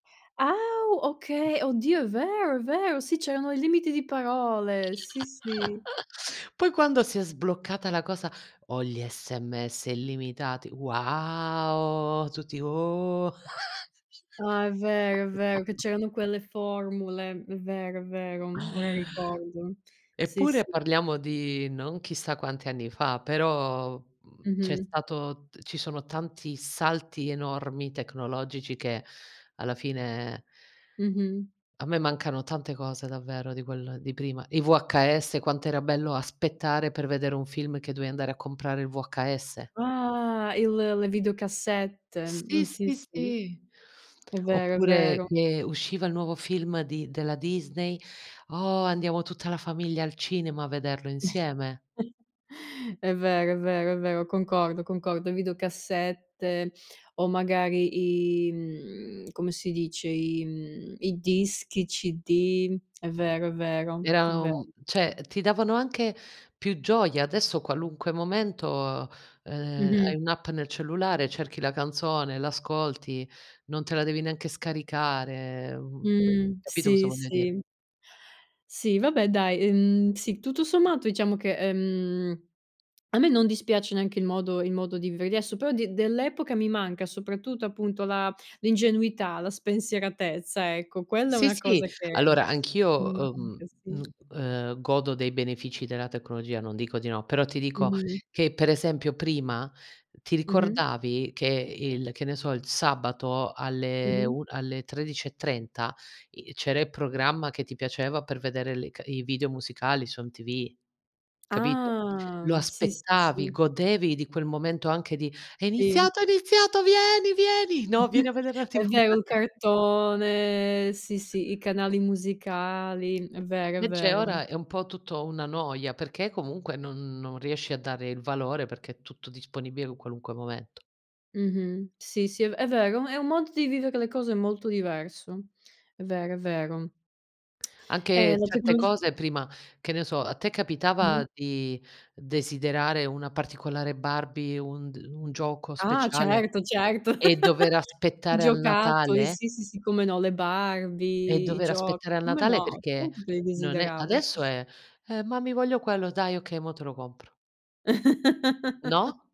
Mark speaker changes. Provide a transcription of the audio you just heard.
Speaker 1: Ah, u okay, oddio è vero, è vero, sì c'erano i limiti di parole, sì, sì.
Speaker 2: Poi quando si è sbloccata la cosa: "Ho gli SMS illimitati". Wow, tutti: "Oh".
Speaker 1: Ah, è vero, è vero che c'erano quelle formule. È vero, è vero, ora ricordo. Sì,
Speaker 2: Eppure,
Speaker 1: sì.
Speaker 2: parliamo di non chissà quanti anni fa, però, mhmm, c'è
Speaker 1: Mh-mh.
Speaker 2: stato ci sono tanti salti enormi tecnologici, che alla fine
Speaker 1: Mh-mh.
Speaker 2: A me mancano tante cose davvero di quel di prima. I VHS quant'era bello aspettare per vedere un film, che dovevi andare a comprare il VHS.
Speaker 1: Ah, il le videocassette, mhmm,
Speaker 2: Sì,
Speaker 1: sì,
Speaker 2: sì,
Speaker 1: sì.
Speaker 2: sì.
Speaker 1: È vero, è
Speaker 2: Oppure
Speaker 1: vero.
Speaker 2: che usciva il nuovo film di della Disney, oh, andiamo tutta la famiglia al cinema a vederlo insieme.
Speaker 1: È vero, è vero, è vero, concordo, concordo. Videocassette o magari i, mhmm, come si dice, i mhmm, i dischi, i CD. È vero, è vero, è
Speaker 2: Era
Speaker 1: vero.
Speaker 2: un cioè ti davano anche più gioia, adesso qualunque momento, ehm,
Speaker 1: Mh-mh.
Speaker 2: hai un'app nel cellulare, cerchi la canzone, l'ascolti, non te la devi neanche scaricare, mhmm,
Speaker 1: Mh.
Speaker 2: capito cosa
Speaker 1: Sì,
Speaker 2: voglia dire?
Speaker 1: sì, Si, vabbè dai, ehm, sì, tutto sommato diciamo che, ehm, a me non dispiace neanche il modo il modo di vivere adesso, però di dell'epoca mi manca soprattutto appunto la l'ingenuità, la spensieratezza ecco, quella è
Speaker 2: Sì,
Speaker 1: una
Speaker 2: sì,
Speaker 1: cosa
Speaker 2: allora anch'io,
Speaker 1: mi
Speaker 2: uhm,
Speaker 1: manca, sì.
Speaker 2: uhm, ehm, godo dei benefici della tecnologia, non dico di no, però ti dico,
Speaker 1: Mh-mh.
Speaker 2: che per esempio prima ti
Speaker 1: Mh-mh.
Speaker 2: ricordavi che il che ne so, il sabato alle
Speaker 1: Mh-mh.
Speaker 2: un alle 13.30 i c'era i programma che ti piaceva per vedere le ca i video musicali, su MTV, capito? Lo
Speaker 1: Ah. Sì, sì,
Speaker 2: aspettavi,
Speaker 1: sì.
Speaker 2: godevi di quel momento anche di: "È
Speaker 1: Sì.
Speaker 2: iniziato, è iniziato, vieni, vieni No, vieni a veder la TV".
Speaker 1: È vero, il cartone, sì sì, i canali musicali, è vero, è
Speaker 2: Invece
Speaker 1: vero.
Speaker 2: ora è un po' tutto una noia, perché comunque non non riesci a dare il valore perché è tutto disponibile in qualunque momento.
Speaker 1: Mh-mh. Sì, sì è ve è vero, è un modo di vivere le cose molto diverso. È vero, è vero. Ehm,
Speaker 2: Anche
Speaker 1: la
Speaker 2: certe
Speaker 1: tecnologi
Speaker 2: cose prima, che ne so, a te capitava di desiderare una particolare Barbie, un d un gioco
Speaker 1: Ah.
Speaker 2: speciale
Speaker 1: Certo, certo,
Speaker 2: e dover
Speaker 1: i
Speaker 2: aspettare al
Speaker 1: giocattoli,
Speaker 2: Natale?
Speaker 1: sì, sì, sì, come no, le
Speaker 2: E
Speaker 1: Barbie, i
Speaker 2: dover aspettare
Speaker 1: giochi,
Speaker 2: al
Speaker 1: come
Speaker 2: Natale
Speaker 1: no,
Speaker 2: perché
Speaker 1: certo che li
Speaker 2: non è
Speaker 1: desideravo. Sì,
Speaker 2: adesso
Speaker 1: s
Speaker 2: eh: "Mami voglio quello". "Dai okay mo te lo compro". No?